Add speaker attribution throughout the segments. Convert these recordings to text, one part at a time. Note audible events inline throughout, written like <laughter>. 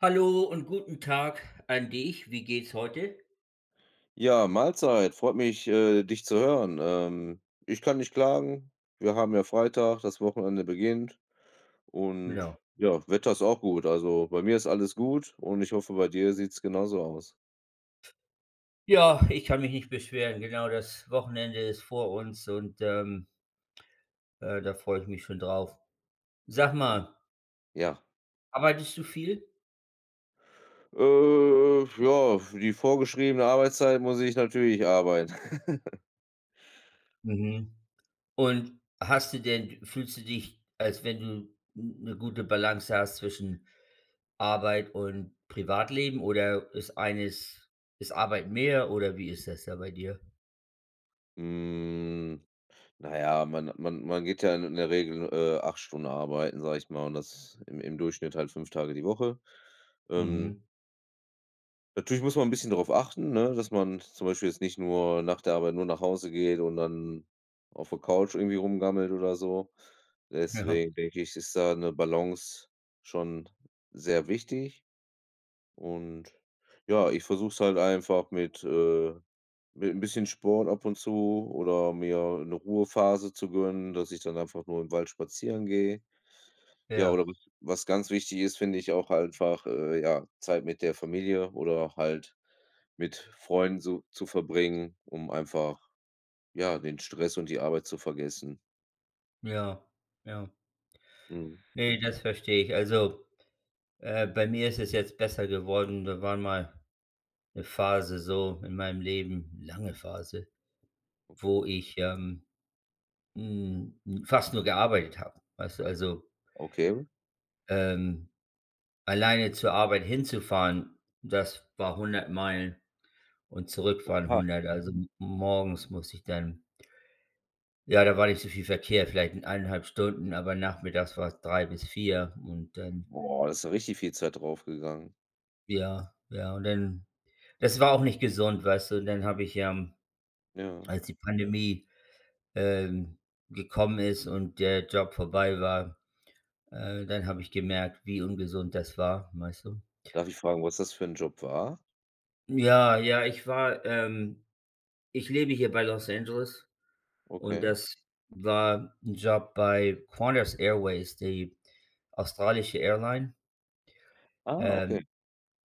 Speaker 1: Hallo und guten Tag, an dich. Wie geht's heute?
Speaker 2: Ja, Mahlzeit, freut mich, äh, dich zu hören. Ähm, ich kann nicht klagen. Wir haben ja Freitag, das Wochenende beginnt und
Speaker 1: Ja.
Speaker 2: ja, Wetter ist auch gut. Also, bei mir ist alles gut und ich hoffe, bei dir sieht's genauso aus.
Speaker 1: Ja, ich kann mich nicht beschweren. Genau, das Wochenende ist vor uns, und, ähm äh, da freue ich mich schon drauf. Sag mal
Speaker 2: <unintelligible> Ja.
Speaker 1: arbeitest du viel?
Speaker 2: Äh ja, für die vorgeschriebene Arbeitszeit muss ich natürlich arbeiten. <chuckles>
Speaker 1: Mhm. Und hast du denn d fühlst du dich, als wenn du n 'ne gute Balance hast zwischen Arbeit und Privatleben oder ist eines ist Arbeit mehr oder wie ist das da bei dir?
Speaker 2: Hm, na ja, man man man geht ja in in der Regel, äh, 8 Stunden arbeiten, sage ich mal und das im im Durchschnitt halt 5 Tage die Woche. Ähm
Speaker 1: Mhm.
Speaker 2: Natürlich muss man 'n bisschen darauf achten, ne, dass man zum Beispiel jetzt nicht nur nach der Arbeit nur nach Hause geht und dann auf der Couch irgendwie rumgammelt oder so.
Speaker 1: Ja.
Speaker 2: Deswegen denke ich, ist da 'ne Balance schon sehr wichtig. Und ja, ich versuche es halt einfach mit äh, mit 'n bisschen Sport ab und zu, oder mir 'ne Ruhephase zu gönnen, dass ich dann einfach nur im Wald spazieren gehe. Ja,
Speaker 1: Ja.
Speaker 2: oder was was ganz wichtig ist, finde ich auch einfach, äh, ja, Zeit mit der Familie oder auch halt mit Freunden zu zu verbringen, um einfach, ja, den Stress und die Arbeit zu vergessen.
Speaker 1: Ja, ja.
Speaker 2: Mhm.
Speaker 1: Ne, das verstehe ich. Also, äh, bei mir ist es jetzt besser geworden, da war mal 'ne Phase so in meinem Leben, lange Phase, wo ich, ähm, hm, fast nur gearbeitet habe. Weißt du? Also
Speaker 2: Okay.
Speaker 1: ähm, alleine zur Arbeit hinzufahren, das war 100 Meilen und zurückfahren
Speaker 2: Oha.
Speaker 1: 100. Also m morgens musste ich dann ja, da war nicht so viel Verkehr, vielleicht in 1 1/2 Stunden, aber nachmittags war's 3 bis 4 und dann
Speaker 2: Boah, da ist ja richtig viel Zeit drauf gegangen.
Speaker 1: ja, ja. Und dann das war auch nicht gesund, weißt du? Dann habe ich, ähm,
Speaker 2: Ja.
Speaker 1: als die Pandemie, ähm, gekommen ist und der Job vorbei war, äh, dann habe ich gemerkt, wie ungesund das war, weißt du?
Speaker 2: Darf ich fragen, was das für 'n Job war?
Speaker 1: Ja, ja, ich war ähm, ich lebe hier bei Los Angeles und
Speaker 2: Okay.
Speaker 1: das war 'n Job bei Qantas Airways, die australische Airline.
Speaker 2: Ah, okay.
Speaker 1: Ähm,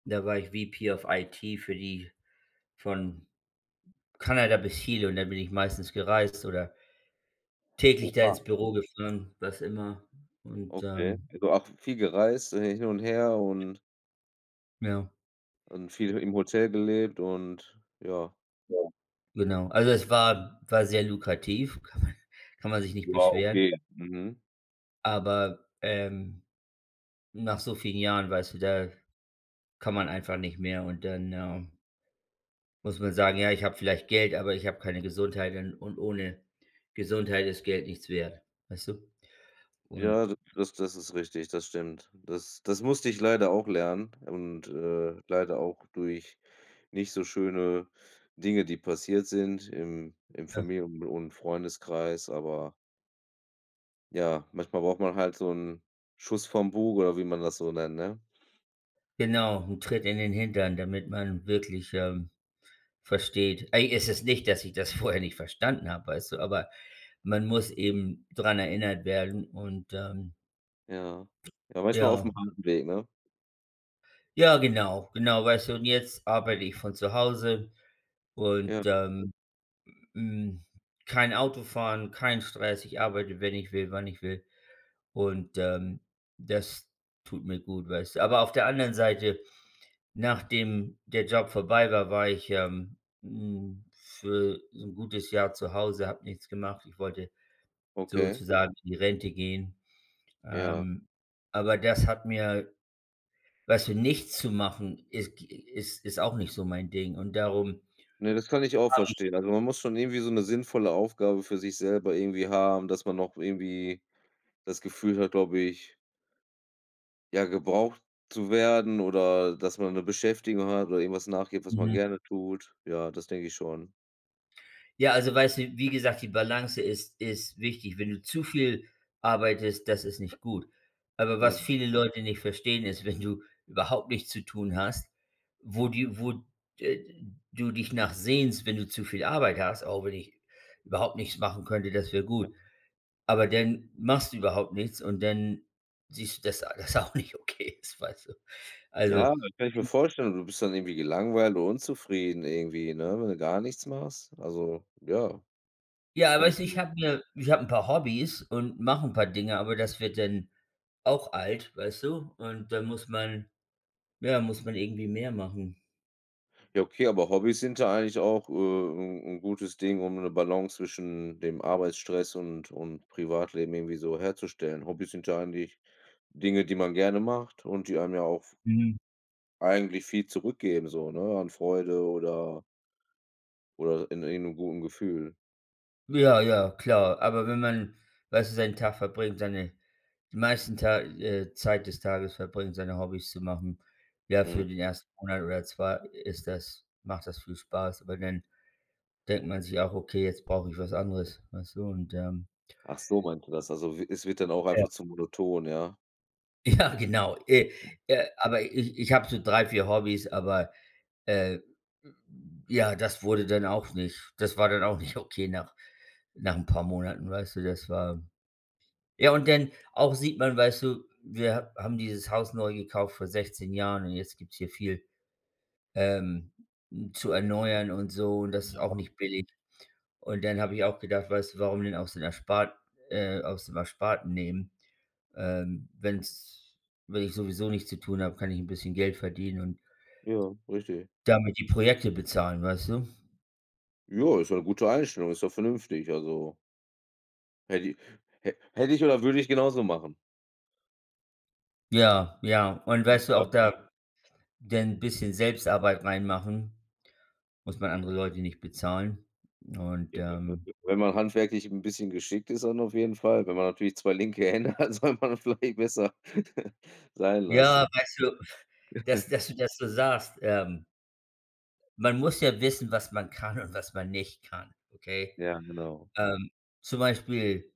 Speaker 1: da war ich VP of IT für die von, äh, Kanada bis Chile und da bin ich meistens gereist oder täglich da
Speaker 2: Oha.
Speaker 1: ins Büro gefahren, was immer. Und,
Speaker 2: Okay.
Speaker 1: ähm
Speaker 2: Also auch v viel gereist, äh, hin und her und
Speaker 1: Ja.
Speaker 2: und viel he im Hotel gelebt und ja.
Speaker 1: Ja. Genau. Also es war w war sehr lukrativ, kann man kann man sich nicht
Speaker 2: War
Speaker 1: beschweren.
Speaker 2: okay. Mhm.
Speaker 1: Aber, ähm, nach so vielen Jahren, weißt du, da kann man einfach nicht mehr. Und dann äh muss man sagen: „Ja, ich habe vielleicht Geld, aber ich habe keine Gesundheit und und ohne Gesundheit ist Geld nichts wert.“ Weißt du? Und
Speaker 2: Ja, d das das ist richtig, das stimmt. Das das musste ich leider auch lernen und, äh, leider auch durch nicht so schöne Dinge, die passiert sind im im
Speaker 1: Ja.
Speaker 2: Familien und und Freundeskreis, aber ja, manchmal braucht man halt so 'n „Schuss vom Bug“ oder wie man das so nennt, ne?
Speaker 1: Genau, 'n Tritt in den Hintern, damit man wirklich, ähm, versteht. Ey, es ist nicht, dass ich das vorher nicht verstanden habe, weißt du. Aber man muss eben dran erinnert werden und, ähm
Speaker 2: Ja. Ja manchmal aufm
Speaker 1: ja.
Speaker 2: halben Weg, ne?
Speaker 1: Ja, genau. Genau, weißt du. Und jetzt arbeite ich von zu Hause
Speaker 2: Ja.
Speaker 1: und, ähm, hm, kein Autofahren, kein Stress. Ich arbeite, wenn ich will, wann ich will. Und, ähm, das tut mir gut, weißt du. Aber auf der anderen Seite, nachdem der Job vorbei war, war ich, ähm, hm, für so 'n gutes Jahr zu Hause, habe nichts gemacht. Ich wollte
Speaker 2: Okay.
Speaker 1: sozusagen in die Rente gehen.
Speaker 2: Ja.
Speaker 1: Ähm, aber das hat mir weißt du nichts zu machen, ist g ist ist auch nicht so mein Ding. Und darum
Speaker 2: Ne, das kann ich auch
Speaker 1: habe ich
Speaker 2: verstehen. Also, man muss schon irgendwie so 'ne sinnvolle Aufgabe für sich selber irgendwie haben, dass man noch irgendwie das Gefühl hat glaube ich ja gebraucht zu werden oder, äh, dass man 'ne Beschäftigung hat oder irgendwas nachgeht, was man
Speaker 1: Mhm.
Speaker 2: gerne tut. Ja, das denke ich schon.
Speaker 1: Ja, also weißt du, wie gesagt, die Balance ist ist wichtig. Wenn du zu viel arbeitest, das ist nicht gut. Aber was
Speaker 2: Mhm.
Speaker 1: viele Leute nicht verstehen, ist, wenn du überhaupt nichts zu tun hast, wo die wo d äh, du dich nach sehnst, wenn du zu viel Arbeit hast, auch wenn ich überhaupt nichts machen könnte, das wäre
Speaker 2: Ja.
Speaker 1: gut. Aber dann machst du überhaupt nichts und dann siehst du, dass dass alles auch nicht okay ist, weißt du.
Speaker 2: Ja,
Speaker 1: Also,
Speaker 2: das kann ich mir
Speaker 1: in
Speaker 2: vorstellen, du bist dann irgendwie gelangweilt und unzufrieden irgendwie, ne, wenn du gar nichts machst. Also ja,
Speaker 1: Ja,
Speaker 2: kann ich
Speaker 1: weißt du, ich
Speaker 2: gut
Speaker 1: habe mir ich habe 'n paar Hobbys und mache 'n paar Dinge, aber das wird dann auch alt, weißt du? Und dann muss man ja, muss man irgendwie mehr machen.
Speaker 2: Ja, okay, aber Hobbys sind da eigentlich auch, äh, 'n 'n gutes Ding, um 'ne Balance zwischen dem Arbeitsstress und und Privatleben irgendwie so herzustellen. Hobbys sind ja eigentlich Dinge, die man gerne macht und die einem ja auch v
Speaker 1: Mhm.
Speaker 2: eigentlich viel zurückgeben so, ne? An Freude oder oder in irgend 'nem guten Gefühl.
Speaker 1: Ja ja, klar. Aber wenn man, weißt du, seinen Tag verbringt, seine die meisten Ta äh, Zeit des Tages verbringt, seine Hobbys zu machen, ja, für
Speaker 2: Mhm.
Speaker 1: den 1. Monat oder 2 ist das macht das viel Spaß, aber dann denkt man sich auch: „Okay, jetzt brauche ich was anderes.“ Weißt du? Und, ähm
Speaker 2: Ach so meint du das. Also w es wird dann auch
Speaker 1: Ja.
Speaker 2: einfach zu monoton, ja?
Speaker 1: Ja, genau. Äh äh, aber ich ich hab so 3, 4 Hobbys, aber, äh, ja, das wurde dann auch nicht das war dann auch nicht okay nach nach 'n paar Monaten, weißt du. Das war ja, und dann auch sieht man, weißt du, wir ha haben dieses Haus neu gekauft vor 16 Jahren und jetzt gibt's hier viel, ähm, zu erneuern und so, und das ist auch
Speaker 2: Ja.
Speaker 1: nicht billig. Und dann habe ich auch gedacht, weißt du: „Warum denn aus den Erspart äh, aus dem Ersparten nehmen? Ähm, wenn's wenn ich sowieso nichts zu tun habe, kann ich 'n bisschen Geld verdienen und“
Speaker 2: Ja, richtig.
Speaker 1: „damit die Projekte bezahlen.“ Weißt du?
Speaker 2: Ja, ist eine gute Einstellung. Ist doch vernünftig, also hätte i hä hätte ich oder würde ich genauso machen.
Speaker 1: Ja, ja. Und, weißt du, auch
Speaker 2: Irgendwann.
Speaker 1: da denn bisschen Selbstarbeit reinmachen muss man andere Leute nicht bezahlen. Und, ähm
Speaker 2: <unintelligible> wenn man handwerklich 'n bisschen geschickt ist, dann auf jeden Fall. Wenn man natürlich 2 linke Hände hat, soll man vielleicht besser <chuckles> sein
Speaker 1: Ja,
Speaker 2: lassen.
Speaker 1: weißt du, pf dass
Speaker 2: <chuckles>
Speaker 1: dass du dass du sagst, ähm man muss ja wissen, was man kann und was man nicht kann, okay?
Speaker 2: Ja, genau.
Speaker 1: Ähm, zum Beispiel,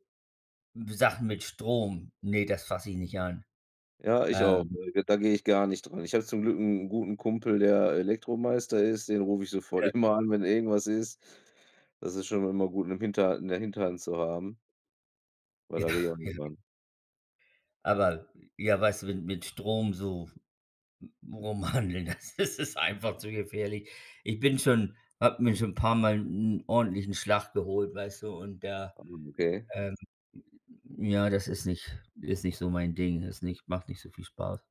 Speaker 1: Sachen mit Strom. Ne, das fass ich nicht an.
Speaker 2: Ja, ich auch.
Speaker 1: Ähm
Speaker 2: Äh, ge da gehe ich gar nicht dran. Ich habe zum Glück 'n guten Kumpel, der Elektromeister ist, den rufe ich sofort
Speaker 1: <unintelligible>
Speaker 2: immer an, wenn irgendwas ist. Das ist schon immer gut, 'ne hinter 'ne Hinterhand zu haben weil da gehe ich
Speaker 1: Ach,
Speaker 2: auch nicht
Speaker 1: ja.
Speaker 2: dran.
Speaker 1: Aber, ja, weißt du, mit mit Strom so, mm, rum hanteln, das ist einfach zu gefährlich. Ich bin schon habe mir schon 'n paarmal 'n ordentlichen Schlag geholt, weißt du, und da,
Speaker 2: <unintelligible> Okay.
Speaker 1: ähm ja, das ist nicht ist nicht so mein Ding. Ist nicht macht nicht so viel Spaß.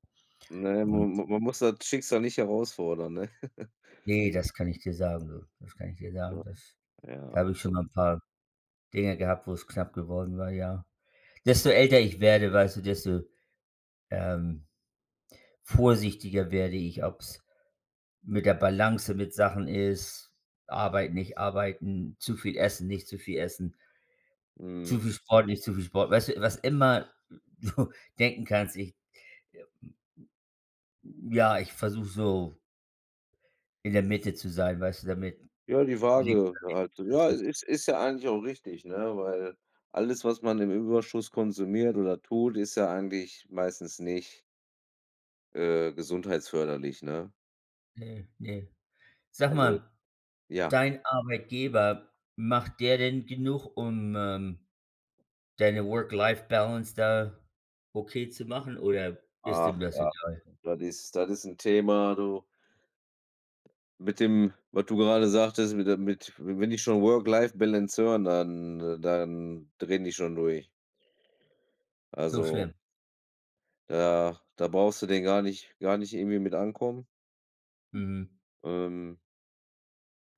Speaker 2: Ne, m
Speaker 1: Und
Speaker 2: man man muss das Schicksal nicht herausfordern, ne? <chuckles>
Speaker 1: Ne, das kann ich dir sagen, du. Das kann ich dir sagen,
Speaker 2: Ja.
Speaker 1: das
Speaker 2: Ja,
Speaker 1: da habe ich schon mal 'n
Speaker 2: absolut.
Speaker 1: paar Dinge gehabt, wo's knapp geworden war, ja. Desto älter ich werde, weißt du, desto, ähm, vorsichtiger werde ich, ob's mit der Balance mit Sachen ist, arbeiten, nicht arbeiten, zu viel essen, nicht zu viel essen zu
Speaker 2: Mhm.
Speaker 1: viel Sport, nicht zu viel Sport. Weißt du, was immer du denken kannst, ich, äh, m m, hm ja, ich versuche so in der Mitte zu sein, weißt du, damit
Speaker 2: Ja, die Waage halt. Ja,
Speaker 1: <unintelligible>
Speaker 2: ist ist ja eigentlich auch richtig, ne, weil alles, was man im Überschuss konsumiert oder tut, ist ja eigentlich meistens nicht äh, gesundheitsförderlich, ne?
Speaker 1: Ne, ne. Sag
Speaker 2: Also,
Speaker 1: mal,
Speaker 2: ja.
Speaker 1: dein Arbeitgeber, macht der denn genug um, ähm, deine Work-Life-Balance da okay zu machen oder ist dem
Speaker 2: Ach
Speaker 1: das
Speaker 2: was.
Speaker 1: egal?
Speaker 2: Das ist das ist 'n Thema, du. Mit dem, was du gerade sagtest, mit der mit wenn die schon Work Life Balance hören, dann, äh dann drehen die schon durch.
Speaker 1: So
Speaker 2: Also
Speaker 1: schlimm?
Speaker 2: da da brauchst du den gar nicht gar nicht irgendwie mit ankommen.
Speaker 1: Mhm.
Speaker 2: Ähm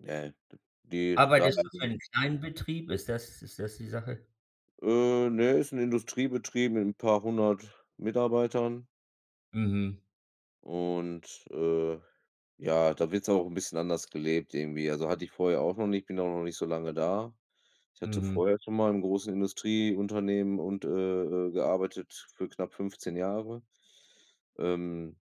Speaker 2: ne, d die's da
Speaker 1: Arbeitest du für
Speaker 2: <unintelligible>
Speaker 1: 'n kleinen Betrieb? Ist das ist das die Sache?
Speaker 2: Äh, ne, ist 'n Industriebetrieb mit 'n paarhundert Mitarbeitern.
Speaker 1: Mhm.
Speaker 2: Und, äh, ja da wird's auch 'n bisschen anders gelebt irgendwie. Also, hatte ich vorher auch noch nicht, bin auch noch nicht so lange da. Ich hatte
Speaker 1: Mhm.
Speaker 2: vorher schon mal in großen Industrieunternehmen und, äh äh, gearbeitet für knapp 15 Jahre. Ähm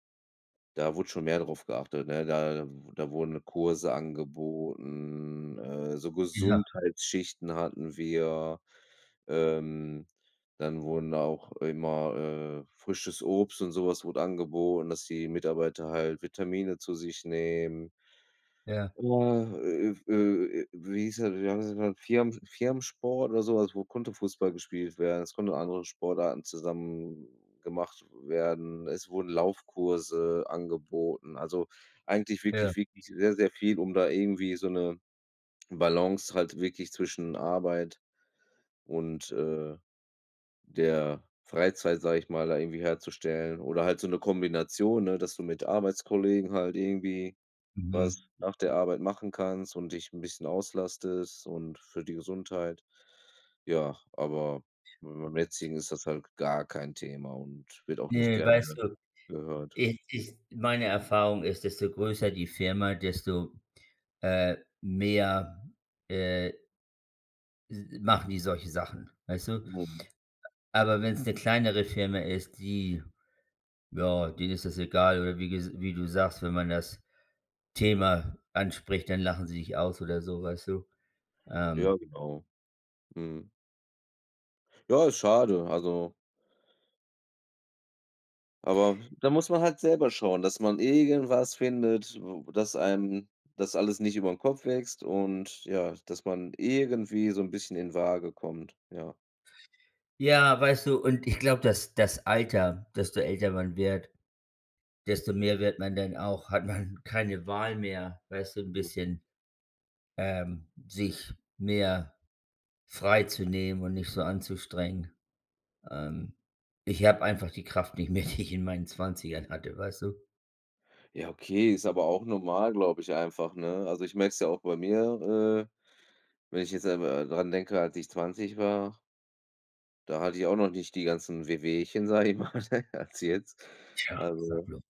Speaker 2: da wurde schon mehr drauf geachtet, ne? Da w da wurden Kurse angeboten, äh, so
Speaker 1: Ja.
Speaker 2: Gesundheitsschichten hatten wir. Ähm, dann wurden auch immer, äh frisches Obst und so was wurde angeboten, dass die Mitarbeiter halt Vitamine zu sich nehmen.
Speaker 1: Ja.
Speaker 2: Oha, äh, äh, w äh, äh, wie hieß das, wie haben sie den genannt? Firmen Firmensport oder so was, wo konnte Fußball gespielt werden. Es konnte andere Sportarten zusammen gemacht werden. Es wurden Laufkurse angeboten. Also, eigentlich
Speaker 1: Ja.
Speaker 2: wirklich wirklich sehr sehr viel, um da irgendwie so 'ne Balance halt wirklich zwischen Arbeit und, äh, der Freizeit, sage ich mal, da irgendwie herzustellen. Oder halt so 'ne Kombination, ne, dass du mit Arbeitskollegen halt irgendwie was
Speaker 1: Mhm.
Speaker 2: nach der Arbeit machen kannst und dich 'n bisschen auslastest und für die Gesundheit. Ja, aber beim jetzigen ist das halt gar kein Thema und wird auch nicht
Speaker 1: Ne
Speaker 2: gerne
Speaker 1: weißt du,
Speaker 2: gehört.
Speaker 1: ich ich meine Erfahrung ist, desto größer die Firma, desto, äh, mehr äh s machen die solche Sachen, weißt du?
Speaker 2: Mhm.
Speaker 1: Aber wenn's 'ne kleinere Firma ist, die ja, denen ist das egal oder wie ges wie du sagst: Wenn man das Thema anspricht, dann lachen sie dich aus oder so, weißt du?
Speaker 2: Ja,
Speaker 1: Ähm
Speaker 2: genau. Mhm. Ja, ist schade. Also aber, w da muss man halt selber schauen, dass man irgendwas findet, w dass einem das alles nicht über 'n Kopf wächst und ja, dass man irgendwie so 'n bisschen in Waage kommt. Ja.
Speaker 1: Ja, weißt du, und ich glaube, das das Alter, desto älter man wird, desto mehr wird man dann auch hat man keine Wahl mehr, weißt du, 'n
Speaker 2: Ja.
Speaker 1: bisschen, ähm, sich mehr frei zu nehmen und nicht so anzustrengen. Ähm, ich habe einfach die Kraft nicht mehr, die ich in meinen 20ern hatte, weißt du?
Speaker 2: Ja, okay, ist aber auch normal, glaube ich einfach, ne? Also ich merke es ja auch bei mir, äh, wenn ich jetzt selber, äh, dran denke, als ich 20 war da hatte ich auch noch nicht die ganzen Wehwehchen, sage ich mal, <chuckles> als jetzt.
Speaker 1: Tja, sag
Speaker 2: Also,
Speaker 1: bloß.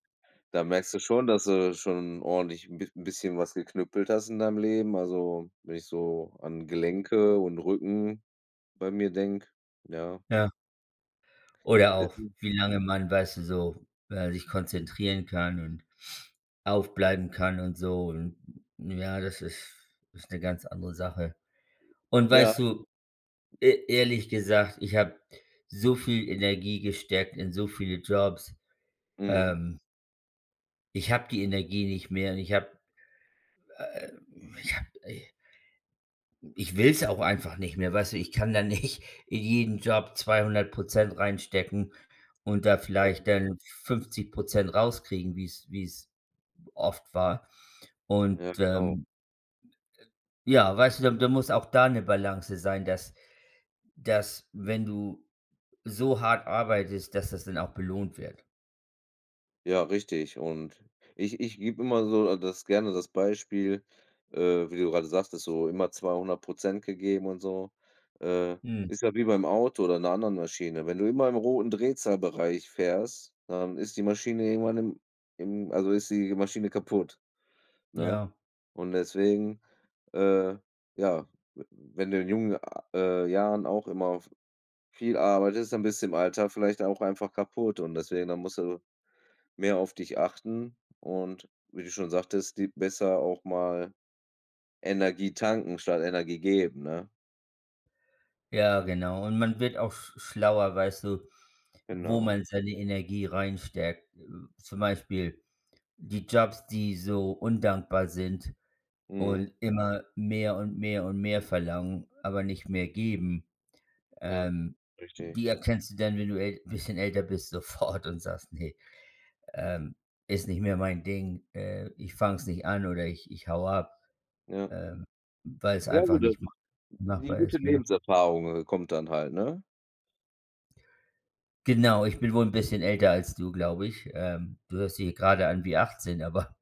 Speaker 2: da merkst du schon, dass du schon ordentlich 'n b bisschen was geknüppelt hast in deinem Leben. Also, wenn ich so an Gelenke und Rücken bei mir denke, ja.
Speaker 1: Ja. Oder auch,
Speaker 2: <unintelligible>
Speaker 1: wie lange man, weißt du so, äh, sich konzentrieren kann und aufbleiben kann und so. Und, äh, ja, das ist ist 'ne ganz andere Sache. Und
Speaker 2: Ja.
Speaker 1: weißt du, e ehrlich gesagt, ich habe so viel Energie gesteckt in so viele Jobs,
Speaker 2: Mhm.
Speaker 1: ähm Ich habe die Energie nicht mehr und ich habe äh, ich habe i ich will's auch einfach nicht mehr, weißt du? Ich kann da nicht in jeden Job 200% reinstecken und da
Speaker 2: Ja.
Speaker 1: vielleicht dann 50% rauskriegen, wie's wie's oft war. Und,
Speaker 2: Ja genau.
Speaker 1: ähm, n äh, ja, weißt du, da da muss auch da 'ne Balance sein, dass dass, wenn du so hart arbeitest, dass das dann auch belohnt wird.
Speaker 2: Ja, richtig und ich ich gebe immer so das gerne das Beispiel, äh, wie du gerade sagtest, ist so immer 200% gegeben und so. Äh,
Speaker 1: Mm.
Speaker 2: ist ja wie beim Auto oder in 'ner anderen Maschine. Wenn du immer im roten Drehzahlbereich fährst, dann ist die Maschine irgendwann im im also ist die Maschine kaputt, ne?
Speaker 1: Ja.
Speaker 2: Und deswegen, äh, ja, w wenn du in jungen, ah, äh, Jahren auch immer v viel arbeitest, dann bist du im Alter vielleicht auch einfach kaputt und deswegen dann musst du mehr auf dich achten. Und wie du schon sagtest, die besser auch mal Energie tanken statt Energie geben, ne?
Speaker 1: Ja, genau. Und man wird auch sch schlauer, weißt du, wo
Speaker 2: Genau.
Speaker 1: man seine Energie reinsteckt. Äh, zum Beispiel die Jobs, die so undankbar sind
Speaker 2: Mhm.
Speaker 1: und immer mehr und mehr und mehr verlangen, aber nicht mehr geben.
Speaker 2: Ja,
Speaker 1: Ähm,
Speaker 2: richtig.
Speaker 1: die erkennst du dann, wenn du äl bisschen älter bist, sofort und sagst: „Ne, ähm, ist nicht mehr mein Ding. Äh, ich fange es nicht an oder ich ich haue ab“,
Speaker 2: Ja.
Speaker 1: ähm, weil es
Speaker 2: Ja,
Speaker 1: einfach
Speaker 2: gut da
Speaker 1: nicht
Speaker 2: d
Speaker 1: mach
Speaker 2: die
Speaker 1: machbar
Speaker 2: gute
Speaker 1: ist, mehr.
Speaker 2: Lebenserfahrung, äh, kommt dann halt, ne?
Speaker 1: Genau, ich bin wohl 'n bisschen älter als du, glaube ich. Ähm, du hörst dich hier grade an wie 18, aber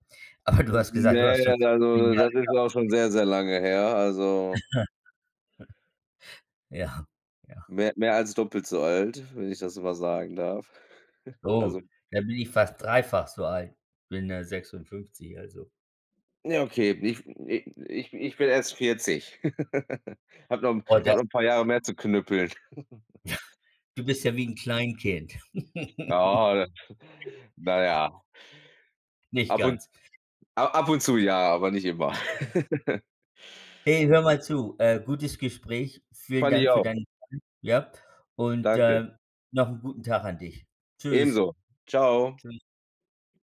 Speaker 1: aber du
Speaker 2: N
Speaker 1: hast gesagt,
Speaker 2: ne,
Speaker 1: du hast schon vor 7
Speaker 2: also,
Speaker 1: Jahren
Speaker 2: da das ist
Speaker 1: geheiratet.
Speaker 2: auch schon sehr, sehr lange her, also
Speaker 1: <chuckles> Ja, ja.
Speaker 2: mehr mehr als doppelt so alt, wenn ich das so mal sagen darf. <chuckles> Also
Speaker 1: Oh, da bin ich fast dreifach so alt. Bin, ja 56, also.
Speaker 2: Ja okay, ich f i ich ich bin erst 40. <giggles> Habe noch 'n
Speaker 1: Oh, das
Speaker 2: habe noch 'n paar Jahre
Speaker 1: nicht.
Speaker 2: mehr zu knüppeln. <chuckles>
Speaker 1: <chuckles> Du bist ja wie 'n Kleinkind. <laughs>
Speaker 2: Ja. Na ja.
Speaker 1: Nicht
Speaker 2: Ab und
Speaker 1: ganz.
Speaker 2: ab ab und zu ja, aber nicht immer. <laughs>
Speaker 1: Hey, hör mal zu. Äh, gutes Gespräch. Vielen
Speaker 2: Fand ich
Speaker 1: Dank für
Speaker 2: auch.
Speaker 1: deinen <unintelligible> ja. Und,
Speaker 2: Danke.
Speaker 1: äh, noch 'n guten Tag an dich. Tschüss.
Speaker 2: Ebenso. Tschau.
Speaker 1: Tschüss.